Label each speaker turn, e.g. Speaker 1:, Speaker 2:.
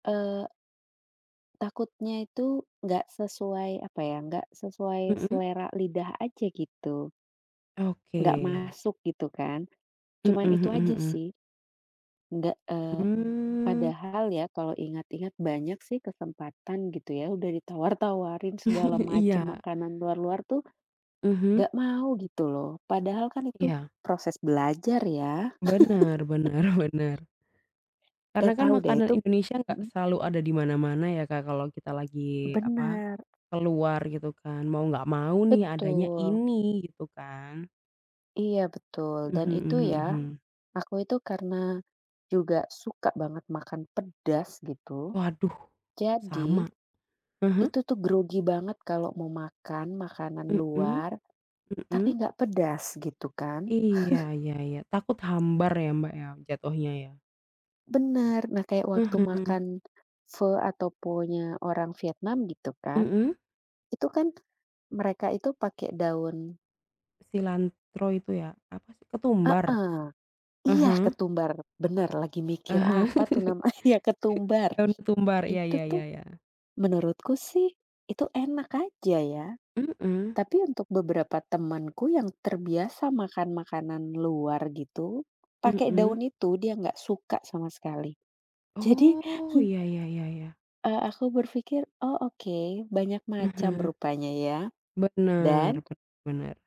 Speaker 1: Eee. Takutnya itu gak sesuai, apa ya, gak sesuai
Speaker 2: Mhm.
Speaker 1: selera lidah aja, gitu. Gak
Speaker 2: Oke.
Speaker 1: masuk, gitu kan,
Speaker 2: Mhm
Speaker 1: cuman itu
Speaker 2: mhm
Speaker 1: aja
Speaker 2: mhm.
Speaker 1: sih, gak, eee,
Speaker 2: Mmm.
Speaker 1: padahal ya kalau ingat-ingat banyak sih kesempatan gitu ya, udah ditawar-tawarin segala macem,
Speaker 2: Iya.
Speaker 1: makanan luar-luar tuh, gak
Speaker 2: Mhm.
Speaker 1: mau gitu loh, padahal kan itu
Speaker 2: Iya.
Speaker 1: proses belajar ya.
Speaker 2: Bener, bener bener. Karena
Speaker 1: Gak
Speaker 2: kan
Speaker 1: tau deh,
Speaker 2: makanan
Speaker 1: itu
Speaker 2: Indonesia enggak
Speaker 1: mhm.
Speaker 2: selalu ada di mana-mana ya, Kak, kalau kita lagi, apa,
Speaker 1: Benar.
Speaker 2: keluar gitu kan mau nggak mau nih adanya
Speaker 1: Betul.
Speaker 2: ini, gitu kan.
Speaker 1: Iya, betul, dan
Speaker 2: Mhm
Speaker 1: itu
Speaker 2: mhm
Speaker 1: ya,
Speaker 2: mhm.
Speaker 1: aku itu karena juga suka banget makan pedas gitu,
Speaker 2: Waduh,
Speaker 1: jadi,
Speaker 2: sama, mhm?
Speaker 1: itu tuh grogi banget kalau mau makan makanan
Speaker 2: Mhm,
Speaker 1: luar, tapi
Speaker 2: mhm.
Speaker 1: gak pedas gitu kan.
Speaker 2: Iya iya iya, takut hambar ya, Mbak, ya, jatohnya ya.
Speaker 1: Bener. Nah, kayak waktu
Speaker 2: Mhm.
Speaker 1: makan, Fe atau Phonya orang Vietnam, gitu kan,
Speaker 2: Mhm.
Speaker 1: itu kan, mereka itu pake daun
Speaker 2: Cilantro itu ya? Apa sih ketumbar?
Speaker 1: Heeh, iya,
Speaker 2: Mhm.
Speaker 1: ketumbar, bener, lagi
Speaker 2: Ah
Speaker 1: mikir
Speaker 2: hah,
Speaker 1: apa tuh namanya ketumbar,
Speaker 2: daun ketumbar iya
Speaker 1: itu
Speaker 2: iya iya
Speaker 1: tuh,
Speaker 2: iya.
Speaker 1: menurutku sih, itu enak aja ya,
Speaker 2: Mhm.
Speaker 1: tapi untuk beberapa temanku yang terbiasa makan-makanan luar gitu, pakai daun
Speaker 2: Mhm.
Speaker 1: itu, dia gak suka sama sekali, jadi he
Speaker 2: Oh, iya iya iya iya.
Speaker 1: eee, aku berpikir, oh, oke, banyak macam
Speaker 2: Mhm.
Speaker 1: rupanya ya,
Speaker 2: Bener,
Speaker 1: dan
Speaker 2: bener bener